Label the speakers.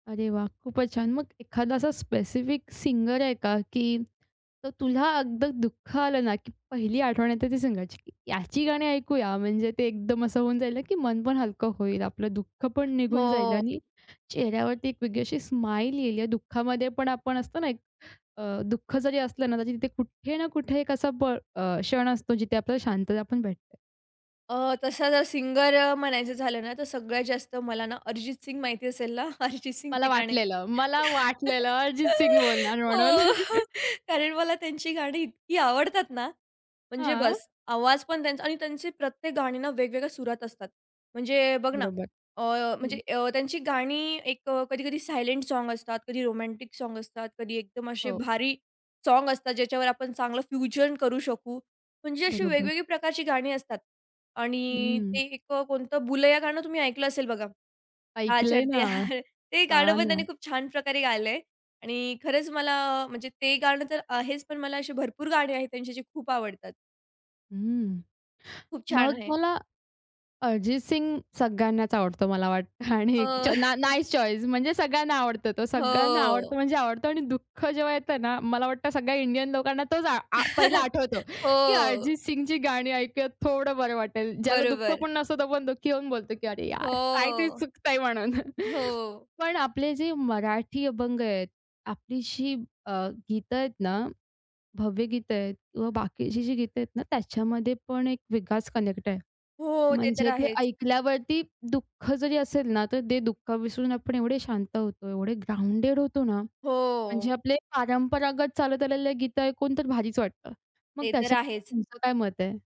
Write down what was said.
Speaker 1: अरे वाह! खूपच छान, मग एखादा असा स्पेसिफिक सिंगर आहे का, की तर तुला अगदी दुःख आलं ना, की पहिली आठवण येते ती सिंगरची, याची गाणी ऐकूया, म्हणजे ते एकदम असं होऊन जाईल, की मन पण हलकं होईल, आपलं दुःख पण निघून जाईल
Speaker 2: हो.
Speaker 1: आणि चेहऱ्यावरती एक वेगळी अशी स्माईल येईल. या दुःखामध्ये पण आपण असतो ना, एक अ, दुःख जरी असलं ना, तर तिथे कुठे ना कुठे एक असा प अ, क्षण असतो, जिथे आपल्याला शांतता पण भेटते.
Speaker 2: अ, तसा जर सिंगर अ, म्हणायचं झालं ना, तर सगळ्यात जास्त मला ना अरिजित सिंग माहिती असेल ना, अरिजित सिंगची
Speaker 1: मला
Speaker 2: गाणी
Speaker 1: वाटलेलं, मला वाटलेलं अरिजित सिंग बोलणार
Speaker 2: हो
Speaker 1: म्हणून.
Speaker 2: कारण मला त्यांची गाणी इतकी आवडतात ना, म्हणजे
Speaker 1: हां.
Speaker 2: बस. आवाज पण त्यांचा आणि त्यांचे प्रत्येक गाणी ना वेगवेगळ्या सुरात असतात. म्हणजे बघ ना,
Speaker 1: बरोबर,
Speaker 2: अ,
Speaker 1: हं.
Speaker 2: म्हणजे अ, त्यांची गाणी एक अ, कधी-कधी सायलेंट सॉन्ग असतात, कधी रोमॅन्टिक सॉन्ग असतात, कधी एकदम असे
Speaker 1: हो.
Speaker 2: भारी सॉन्ग असतात, ज्याच्यावर आपण चांगलं फ्युजन करू शकू. म्हणजे अशी
Speaker 1: बरोबर.
Speaker 2: वेगवेगळी प्रकारची गाणी असतात आणि ते
Speaker 1: हं.
Speaker 2: एक कोणतं बुलय्या गाणं तुम्ही ऐकलं असेल बघा. हां,
Speaker 1: ऐकलंय
Speaker 2: छड ते
Speaker 1: ना,
Speaker 2: हां ते गाणं
Speaker 1: हां
Speaker 2: पण त्यांनी
Speaker 1: ना.
Speaker 2: खूप छान प्रकारे गायलंय आणि खरंच मला म्हणजे ते गाणं तर आहेच, पण मला अशी भरपूर गाणे आहेत त्यांचे जे खूप आवडतात.
Speaker 1: हं.
Speaker 2: खूप छान
Speaker 1: मग
Speaker 2: आहे.
Speaker 1: मला अरिजित सिंग सगळ्यांनाच आवडतो मला वाटतं आणि एकच
Speaker 2: अ
Speaker 1: ना नाईस चॉइस म्हणजे सगळ्यांना आवडतो तो, सगळ्यांना आवडतो
Speaker 2: हो.
Speaker 1: म्हणजे आवडतं आणि दुःख जेव्हा येतं ना, मला वाटतं सगळ्या इंडियन लोकांना तोच आ आ पहिला आठवतो, की
Speaker 2: हो.
Speaker 1: अरिजित सिंगची गाणी ऐकुयात थोडं बरं वाटेल. ज्याला दुःख
Speaker 2: बरोबर.
Speaker 1: पण नसतो, तो आपण दुःखी होऊन बोलतो, की अरे यार, काहीतरी
Speaker 2: हो,
Speaker 1: चुकतंय म्हणून.
Speaker 2: हो.
Speaker 1: पण आपले जे मराठी अभंग आहेत, आपली जी अ, गीतं आहेत ना, भावगीत आहेत किंवा बाकीची जी गीत आहेत ना, त्याच्यामध्ये पण एक विकास कनेक्ट आहे.
Speaker 2: हो, ते तर
Speaker 1: म्हणजे ते
Speaker 2: आहेच.
Speaker 1: ऐकल्यावरती दुःख जरी असेल ना, तर ते दुःख विसरून आपण एवढे शांत होतो, एवढे ग्राउंडेड होतो ना. म्हणजे
Speaker 2: हो.
Speaker 1: आपले परंपरागत चालत आलेले गीतं ऐकून तर भारीच वाटतं. मग
Speaker 2: ते तर आहेच.
Speaker 1: त्याच्याबद्दल तुमचं काय मत आहे?